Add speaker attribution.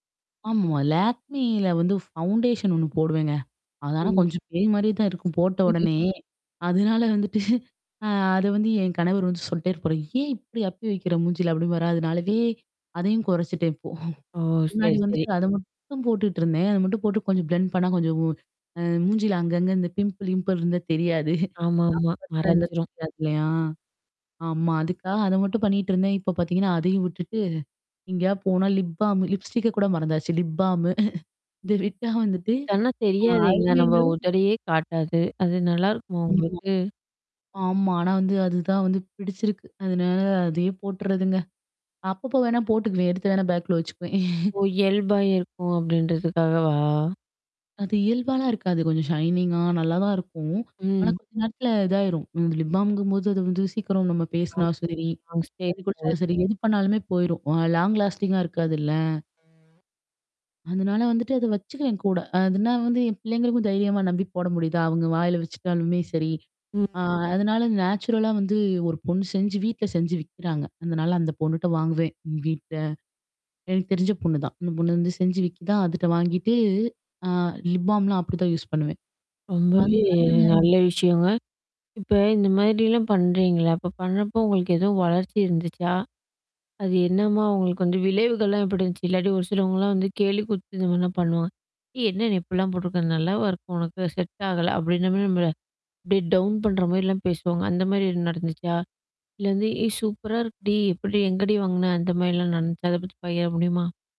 Speaker 1: ஆமா. லேக்மில வந்து ஃபவுண்டேஷன் ஒண்ணு போடுவேங்க. அது ஆனா
Speaker 2: ம்.
Speaker 1: கொஞ்சம் பேய் மாதிரியே தான் இருக்கும், போட்ட
Speaker 2: [unintelligible]
Speaker 1: உடனேயே. அதனால வந்துட்டு அ அது வந்து என் கணவர் வந்து சொல்லிட்டே இருப்பாரு. "ஏன் இப்படி அப்பி வைக்கிற மூஞ்சியில" அப்படீம்பாரா. அதுனாலவே அதையும் குறைச்சிட்டேன் இப்போ.
Speaker 2: ஓ!
Speaker 1: முன்னாடி
Speaker 2: சரி, சரி.
Speaker 1: வந்துட்டு அதை மட்டும் போட்டுட்டிருந்தேன். அதை மட்டும் போட்டு கொஞ்சம் பிளெண்ட் பண்ணா கொஞ்சம் வு அ மூஞ்சியில அங்கங்கே இந்த பிம்பிள் கிம்பிள் இருந்தா தெரியாது.
Speaker 2: ஆமாமா. மறைஞ்சுரும்.
Speaker 1: [unintelligible] ஆமா. அதுக்காக அதை மட்டும் பண்ணிட்டு இருந்தேன். இப்போ பார்த்தீங்கன்னா அதையும் விட்டுட்டு எங்கேயாவது போனா லிப் பால்ம், லிப்ஸ்டிக்கை கூட மறந்தாச்சு. லிப் பால்ம்மு. இதை விட்டா வந்துட்டு
Speaker 2: [unintelligible]
Speaker 1: அ ஐ
Speaker 2: தெரியாதேங்க. நம்ம
Speaker 1: லைனரும்.
Speaker 2: உதடையே காட்டாது. அது நல்லாயிருக்குமா
Speaker 1: ஆமா,
Speaker 2: உங்களுக்கு?
Speaker 1: ஆமா. ஆனா வந்து அதுதான் வந்து பிடிச்சிருக்கு. அதனால அதையே போட்டுறதுங்க. அப்பப்போ வேணா போட்டுக்குவேன். எடுத்து வேணா பேகுக்குள்ள வச்சுக்குவேன்.
Speaker 2: ஓ! இயல்பா இருக்கும், அப்படின்றதுக்காகவா?
Speaker 1: அது இயல்பாலாம் இருக்காது. கொஞ்சம் ஷைனிங்கா, நல்லாதான் இருக்கும். ஆனா
Speaker 2: ம்.
Speaker 1: கொஞ்ச நேரத்தில இதாயிரும். லிப் பாமுங்கும் போது அது வந்து சீக்கிரம் நம்ம
Speaker 2: ஆமா.
Speaker 1: பேசினாலும் சரி, தண்ணி
Speaker 2: [unintelligible]
Speaker 1: குடிச்சாலும் சரி, எது பண்ணாலுமே போயிரும். லாங் லாஸ்டிங்கா இருக்காதுல்ல? அதனால வந்துட்டு அதை வச்சுக்குவேன் கூட. அதுனா வந்து என் பிள்ளைங்களுக்கும் தைரியமா நம்பி போட முடியுதா, அவங்க வாயில வச்சுகிட்டாலுமே சரி. அ
Speaker 2: ம்.
Speaker 1: அதனால நேச்சுரலா வந்து ஒரு பொண்ணு செஞ்சு, வீட்டில செஞ்சு விக்கிறாங்க. அதனால அந்த பொண்ணுட்ட வாங்குவேன் வீட்டில. எனக்கு தெரிஞ்ச பொண்ணு தான், அந்த பொண்ணு வந்து செஞ்சு விக்குதா அதுகிட்ட வாங்கிட்டு, அ லிப் பால்ம்லாம் அப்படி தான் யூஸ் பண்ணுவேன்.
Speaker 2: ரொம்பவே
Speaker 1: அதுனால [unintelligible]
Speaker 2: நல்ல விஷயங்க. இப்ப இந்த மாதிரிலாம் பண்ணுறீங்கல்ல? அப்போ பண்ணுறப்போ உங்களுக்கு எதுவும் வளர்ச்சி இருந்துச்சா? அது என்னம்மா உங்களுக்கு வந்து விளைவுகள்லாம் எப்படி இருந்துச்சு? இல்லாட்டி ஒரு சிலவங்கலாம் வந்து கேலி கூத்து இந்த மாதிரிலாம் பண்ணுவாங்க. "ஏ என்ன நீ இப்படிலாம் போட்டிருக்க? நல்லாவா இருக்கு உனக்கு? செட் ஆகல!" அப்படின்ற மாதிரி நம்மள அப்படியே டவுன் பண்ணுற மாதிரிலாம் பேசுவாங்க. அந்த மாதிரி ஏதும் நடந்துச்சா? இல்லை வந்து "ஏய் சூப்பரா இருக்குடி! எப்படி எங்கடி வாங்கின?" அந்த மாதிரிலாம் நடந்துச்சா? அதை பத்தி பகிர முடியுமா?